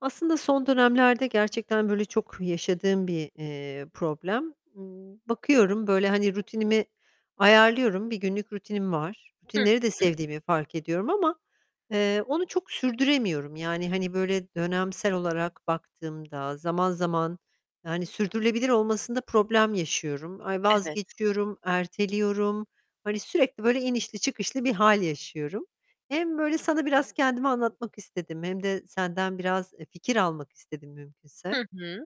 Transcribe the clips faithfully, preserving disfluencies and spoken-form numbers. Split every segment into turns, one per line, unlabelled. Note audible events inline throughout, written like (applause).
Aslında son dönemlerde gerçekten böyle çok yaşadığım bir, eee, problem. Imm, bakıyorum böyle, hani, rutinimi ayarlıyorum. Bir günlük rutinim var.
Hı
Rutinleri de
hı.
sevdiğimi fark ediyorum ama, eee, onu çok sürdüremiyorum. Yani, hani, böyle dönemsel olarak baktığımda zaman zaman Yani sürdürülebilir olmasında problem yaşıyorum. Ay,
Evet.
vazgeçiyorum, erteliyorum. Hani sürekli böyle inişli çıkışlı bir hâl yaşıyorum. Hem böyle sana biraz kendimi anlatmak istedim hem de senden biraz, eee, fikir almak istedim mümkünse.
Hı hı.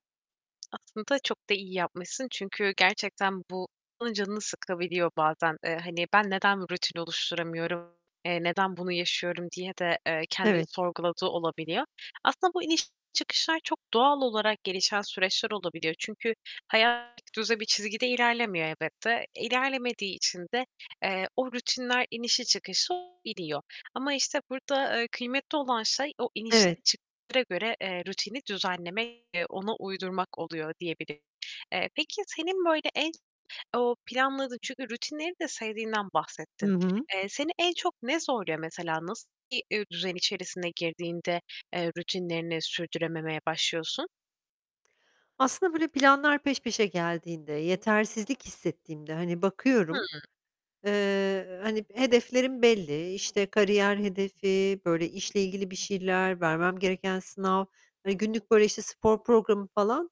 Aslında çok da iyi yapmışsın çünkü gerçekten bu (unintelligible) canını sıkabiliyor bazen, eee, hani, "Ben neden rutin oluşturamıyorum, eee, neden bunu yaşıyorum?" diye de, eee, kendini
Evet.
sorguladığı olabiliyor. Aslında bu iniş çıkışlar çok doğal olarak gelişen süreçler olabiliyor çünkü hayat tekdüze bir çizgide ilerlemiyor elbette. E, ilerlemediği için de, eee, o rutinler inişli çıkışlı olabiliyor ama, işte, burada, eee, kıymetli olan şey, o inişlere
Evet.
çıkışlara göre, eee, rutini düzenlemek ve ona uydurmak oluyor diyebilirim. Eee, peki, senin böyle, en, o planladığın Çünkü rutinleri de sevdiğinden bahsettin.
Hı hı.
Eee, seni en çok ne zorluyor mesela? Nasıl bir düzen içerisine girdiğinde, eee, rutinlerini sürdürememeye başlıyorsun?
Aslında böyle planlar peş peşe geldiğinde, yetersizlik hissettiğimde, hani, bakıyorum,
Hıı.
eee, hani, hedeflerim belli: İşte, kariyer hedefi, böyle işle ilgili bir şeyler, vermem gereken sınav, hani, günlük böyle, işte, spor programı falan,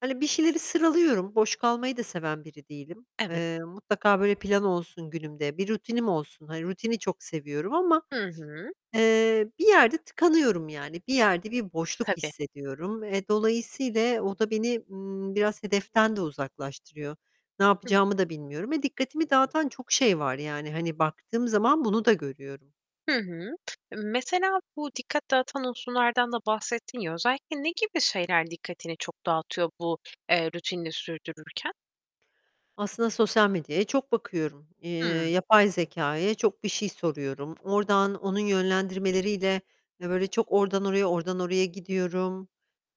hani, bir şeyleri sıralıyorum. Boş kalmayı da seven biri değilim.
Evet.
Eee, mutlaka böyle plan olsun günümde, bir rutinim olsun. Hani rutini çok seviyorum ama,
Hı hı.
eee, bir yerde tıkanıyorum, yani bir yerde bir boşluk
Tabii.
hissediyorum. E, dolayısiyle o da beni, ımm, biraz hedeften de uzaklaştırıyor. Ne
Hı hı.
yapacağımı da bilmiyorum ve dikkatimi dağıtan çok şey var, yani hani, baktığım zaman bunu da görüyorum.
Hı hı. Mesela bu dikkat dağıtan unsurlardan da bahsettin ya, özellikle ne gibi şeyler dikkatini çok dağıtıyor bu, eee, rutinini sürdürürken?
Aslında sosyal medyaya çok bakıyorum. Eee,
Hıı.
yapay zekâya çok bir şey soruyorum. Oradan onun yönlendirmeleriyle böyle çok oradan oraya, oradan oraya gidiyorum.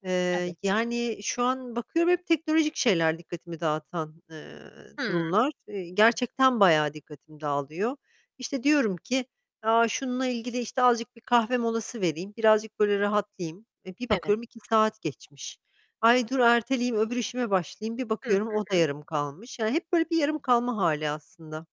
Eee,
Evet.
yani, şu an bakıyorum hep teknolojik şeyler dikkatimi dağıtan, eee,
Hıı.
durumlar. Eee, gerçekten bayağı dikkatim dağılıyor. İşte, diyorum ki "A, şununla ilgili, işte, azıcık bir kahve molası vereyim, birazcık böyle rahatlayayım." E, bir
Evet.
bakıyorum iki saat geçmiş. "Ay, dur erteleyeyim, öbür işime başlayayım." bir
Hı
bakıyorum
hı.
o da yarım kalmış. Yani hep böyle bir yarım kalma hâli aslında.